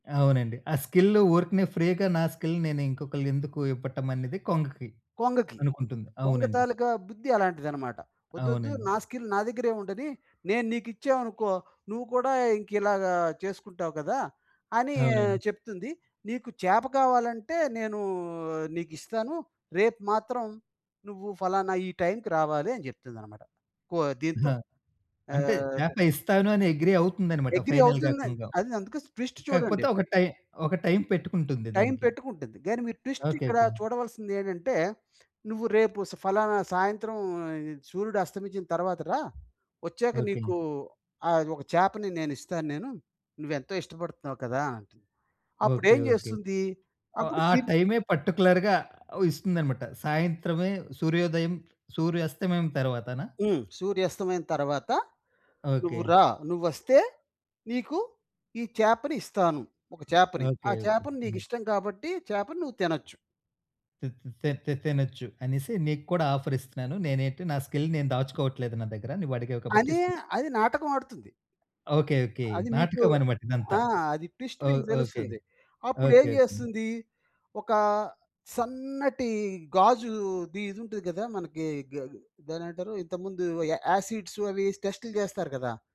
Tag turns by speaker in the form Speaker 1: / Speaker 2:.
Speaker 1: అవునండి. ఆ స్కిల్లు వూర్కనే ఫ్రీగా నా స్కిల్ నేను ఇంకొకళ్ళని ఎందుకు ఇవ్వటం అనేది కొంగకి
Speaker 2: కొంగకి.
Speaker 1: అనుకుంటుంది.
Speaker 2: కొంగ
Speaker 1: అవునండి.
Speaker 2: తాలుక బుద్ధి అలాంటిదన్నమాట. "ఒద్దోద్దు
Speaker 1: అవునండి.
Speaker 2: నా స్కిల్ నా దగ్గరే ఉండని, నేను నీకిచ్చామనుకో, నువ్వు కూడా ఇంకిలాగ చేసుకుంటావు కదా!" అని
Speaker 1: అవునండి.
Speaker 2: చెప్తుంది. "నీకు చేప కావాలంటే నేనూ నీకిస్తాను. రేపు మాత్రం నువ్వు ఫలానా ఈ టైంకి రావాలి" అని చెప్తుందన్నమాట. కో దీంతో
Speaker 1: ఆ! అంటే
Speaker 2: ఆహ్, ప
Speaker 1: చేప ఇస్తాను అని అగ్రీ అవుతుందన్నమాట.
Speaker 2: అగ్రీ
Speaker 1: ఫైనల్‌గా
Speaker 2: అవుతుందండి.
Speaker 1: కొంగ.
Speaker 2: అది అందుకే ట్విస్ట్
Speaker 1: కాకపోతే
Speaker 2: చూడండి.
Speaker 1: ఒక టైం ఒక టైం పెట్టుకుంటుంది
Speaker 2: టైం
Speaker 1: దానికి.
Speaker 2: పెట్టుకుంటుంది. గానీ మీరు
Speaker 1: ఓకే,
Speaker 2: ట్విస్టిక్కడ
Speaker 1: ఓకే.
Speaker 2: చూడవలసిందేంటంటే. "నువ్వు రేపు స ఫలానా సాయంత్రం సూర్యుడు అస్తమించిన తరువాత రా! ఒచ్చాక
Speaker 1: ఓకే.
Speaker 2: నీకు ఆహ్, ఒక చేపని నేనిస్తాను నేను. నువ్వెంతో ఇష్టపడుతున్నావు కదా!" అంటుంది.
Speaker 1: ఓకే,
Speaker 2: అప్పుడేం
Speaker 1: ఓకే.
Speaker 2: జేస్తుంది?
Speaker 1: ఓ
Speaker 2: అప్పుడు
Speaker 1: ఆ
Speaker 2: తి
Speaker 1: టైమే పర్టిక్యులర్‌గా ఇస్తుందన్నమాట. సాయంత్రమే సూర్యోదయం సూర్యాస్తమయం తర్వాతనా?
Speaker 2: హ్మ్. "సూర్యాస్తమయం తరువాత నువ్వు
Speaker 1: ఓకే.
Speaker 2: రా, నువ్వొస్తే నీకు ఈ చేపని ఇస్తాను. ఒక చేపని. ఆ
Speaker 1: ఓకే, ఓకే.
Speaker 2: చేపని నీకు
Speaker 1: హ్మ్.
Speaker 2: ఇష్టం కాబట్టి చేపను నువ్వు తినొచ్చు."
Speaker 1: తే తే తినొచ్చు అనేసి నీకు కూడా ఆఫరిస్తున్నాను. నేనేంటి నా స్కిల్ నేను దాచుకోవట్లేదు. నా దగ్గర నువ్వు అడిగావు కాబట్టి
Speaker 2: అనే
Speaker 1: ఇస్తున్నాను.
Speaker 2: అది నాటకం ఆడుతుంది.
Speaker 1: Okay, okay.
Speaker 2: అది మీకు
Speaker 1: నాటకం అన్నమాట ఇదంతా.
Speaker 2: ఆ! అది ట్విస్ట్
Speaker 1: ఓహ్!
Speaker 2: మీకు
Speaker 1: ఓకే.
Speaker 2: తెలుస్తుంది. అప్పుడు
Speaker 1: ఓకే,
Speaker 2: ఏం
Speaker 1: ఓకే.
Speaker 2: జేస్తుంది? ఒక సన్నటి గాజుది ఇదుంటుంది గదా! మనకి గా దాన్నేమంటారు, ఇంతకు ముందు య యాసిడ్స్ అవి టెస్టులు జేస్తారు కదా!